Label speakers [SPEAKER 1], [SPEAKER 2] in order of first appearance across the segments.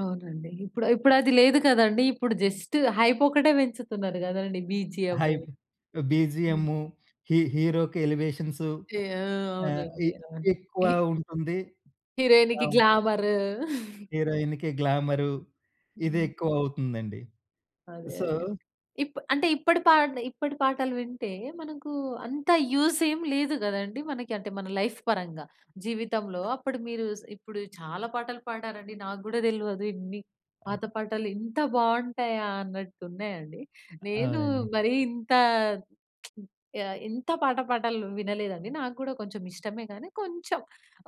[SPEAKER 1] అవునండి. ఇప్పుడు ఇప్పుడది లేదు కదండీ. ఇప్పుడు జస్ట్ హైపొక్కటే పెంచుతున్నరు గదండి. బీజియము.
[SPEAKER 2] హైప్
[SPEAKER 1] హ్మ్.
[SPEAKER 2] బీజీఎమ్మూ, హీ హీరోకి ఎలివేషన్సు,
[SPEAKER 1] ఏ ఆ!
[SPEAKER 2] ఆహ్,
[SPEAKER 1] అవునండి.
[SPEAKER 2] ఎ
[SPEAKER 1] రాను. హి
[SPEAKER 2] ఎక్కువా ఉంటుంది.
[SPEAKER 1] హీరోయినికి
[SPEAKER 2] అవును.
[SPEAKER 1] గ్లామర్
[SPEAKER 2] హీరోయినికి గ్లామరు,
[SPEAKER 1] హ్మ్.
[SPEAKER 2] ఇదెక్కువౌతుందండి.
[SPEAKER 1] అదే
[SPEAKER 2] సో
[SPEAKER 1] అదే. ఇప్ అంటే, ఇప్పడి పాటలె ఇప్పటి పాటలు వింటే, మనకూ అంత యూసేం లేదు గదండి మనకి. అంటే, మన లైఫ్ పరంగా. జీవితంలో అప్పుడు మీరూ స్ ఇప్పుడు చాలా పాటలు పాడారండి. నాగ్గూడా దెల్వదు ఇన్ని.
[SPEAKER 2] ఆ!
[SPEAKER 1] పాత పాటలు ఇంత బావుంటయా అన్నట్టున్నయండి. నేనూ
[SPEAKER 2] అవునండి.
[SPEAKER 1] మరీ ఇంతా ఆహ్, ఇంత పాట పాటలు వినలేదండి. నాగ్గూడా కొంచమిష్టమే గానీ, కొంచం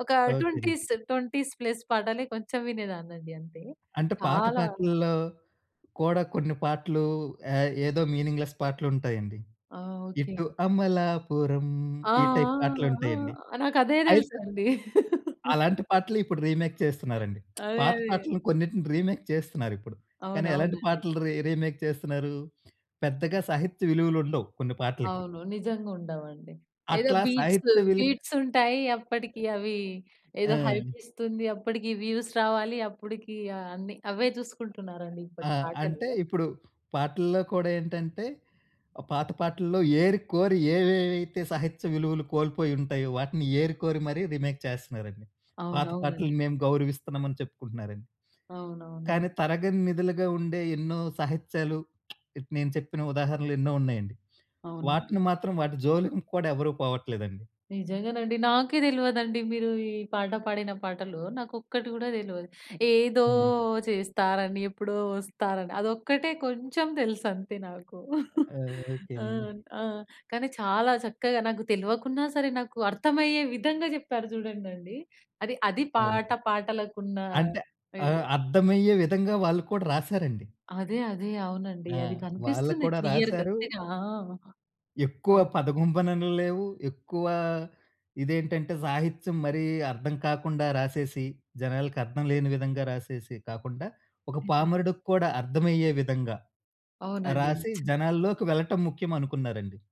[SPEAKER 1] ఒకా
[SPEAKER 2] ఓకే అండి.
[SPEAKER 1] ట్వెంటీస్ 20స్+ పాటలే కొంచం వినేదాన్నండి అంతే.
[SPEAKER 2] అంటే, పాత
[SPEAKER 1] చాలా
[SPEAKER 2] పాటల్లో కూడా కొన్ని పాటలు ఏహ్, ఏదో మీనింగ్‌లెస్ పాటలుంటాయండి.
[SPEAKER 1] ఆ! ఓకే
[SPEAKER 2] ఇటు
[SPEAKER 1] అండి.
[SPEAKER 2] అమలాపురం
[SPEAKER 1] ఆ!
[SPEAKER 2] ఈ టైప్
[SPEAKER 1] ఆ!
[SPEAKER 2] పాటలుంటాయండి.
[SPEAKER 1] ఆ! నాకదే
[SPEAKER 2] అయితే...
[SPEAKER 1] దెల్సండి.
[SPEAKER 2] అలాంటి పాటలే ఇప్పుడు రీమేక్ చేస్తున్నారండి.
[SPEAKER 1] అదే
[SPEAKER 2] పాత
[SPEAKER 1] అదే.
[SPEAKER 2] పాటలను కొన్నిటిని రీమేక్ చేస్తున్నారిప్పుడు. కానీ, ఎలాంటి
[SPEAKER 1] అవునవునండీ.
[SPEAKER 2] పాటలు రీ రీమేక్ చేస్తున్నారూ, పెద్దగా సాహిత్య విలువలుండవు కొన్ని పాటలకి.
[SPEAKER 1] అవును. నిజంగుండవండి. ఏదో
[SPEAKER 2] అట్లా
[SPEAKER 1] బీట్స్
[SPEAKER 2] సాహిత్య విలు
[SPEAKER 1] బీట్సుంటాయి. అప్పటికీ అవీ ఏదో
[SPEAKER 2] ఆ!
[SPEAKER 1] హైపిస్తుంది. అప్పడికి వ్యూస్ రావాలి. అప్పుడికీ ఆహ్, అన్నీ అవే చూసుకుంటున్నారండి
[SPEAKER 2] ఆ!
[SPEAKER 1] ఇప్పటి పాటలూ.
[SPEAKER 2] అంటే, ఇప్పుడు పాటల్లో కూడా ఏంటంటే, ఆహ్, పాత పాటల్లో ఏరికోరి ఏవేవైతే సాహిత్య విలువులు కోల్పోయుంటయో, వాటిని ఏరికోరి మరీ రిమేక్ చేస్తన్నారండి. పాత
[SPEAKER 1] అవునవునండి.
[SPEAKER 2] పాటల్ని మేము గౌరవిస్తున్నామని చెప్పుకుంటన్నారండి...
[SPEAKER 1] అవునవునన్
[SPEAKER 2] కానీ, తరగని నిధులుగా ఉండే ఎన్నో సాహిత్యాలు ఇప్ నేను చెప్పిన ఉదాహరణలెన్నో ఉన్నయండి.
[SPEAKER 1] అవునండి.
[SPEAKER 2] వాటిని మాత్రం వాటి జోలికి కూడా ఎవరూ పోవట్లేదండి.
[SPEAKER 1] నిజంగనండి. నాకే దెల్వదండి, మీరూ ఈ పాట పాడిన పాటలో నాకొక్కటి గూడా దెల్వదు. ఏదో
[SPEAKER 2] అవును.
[SPEAKER 1] చేస్తారని, ఎప్పుడో వస్తారని అదొక్కటే కొంచం తెలుసంతే నాకూ.
[SPEAKER 2] ఆ! ఓకే
[SPEAKER 1] ఆ!
[SPEAKER 2] అండి.
[SPEAKER 1] ఆ! కానీ, చాలా చక్కగా నాకు తెల్వకున్నా సరే, నాకు అర్థమయ్యే విధంగా చెప్పారు చూడండండి. అది అది
[SPEAKER 2] అవును.
[SPEAKER 1] పాట పాటలకున్నా
[SPEAKER 2] అంటే,
[SPEAKER 1] పె
[SPEAKER 2] ఆహ్, అద్దమయ్యే విధంగా వాళ్ళు కూడా రాశారండి.
[SPEAKER 1] అదే అదే. అవునండి.
[SPEAKER 2] ఆ!
[SPEAKER 1] అది
[SPEAKER 2] వాళ్ళు
[SPEAKER 1] కనిపిస్తుంది
[SPEAKER 2] కూడా రాశారూ...
[SPEAKER 1] క్లియర్‌కట్టుగ. ఆ!
[SPEAKER 2] ఎక్కువ
[SPEAKER 1] అవు
[SPEAKER 2] పదగుంబననలు లేవు. ఎక్కువా ఇదేంటంటే, సాహిత్యం మరీ అర్థం కాకుండా రాసేసి, జనాలకి అర్థం లేని విధంగా రాసేసి కాకుండా, ఒక
[SPEAKER 1] నిజంగ్
[SPEAKER 2] పామరుడుక్కూడా అర్థమయ్యే విధంగా,
[SPEAKER 1] అవునండి.
[SPEAKER 2] రాసి
[SPEAKER 1] నిచ్చ
[SPEAKER 2] జనాల్లోకి వెళ్ళటం ముఖ్యమనుకున్నారండి.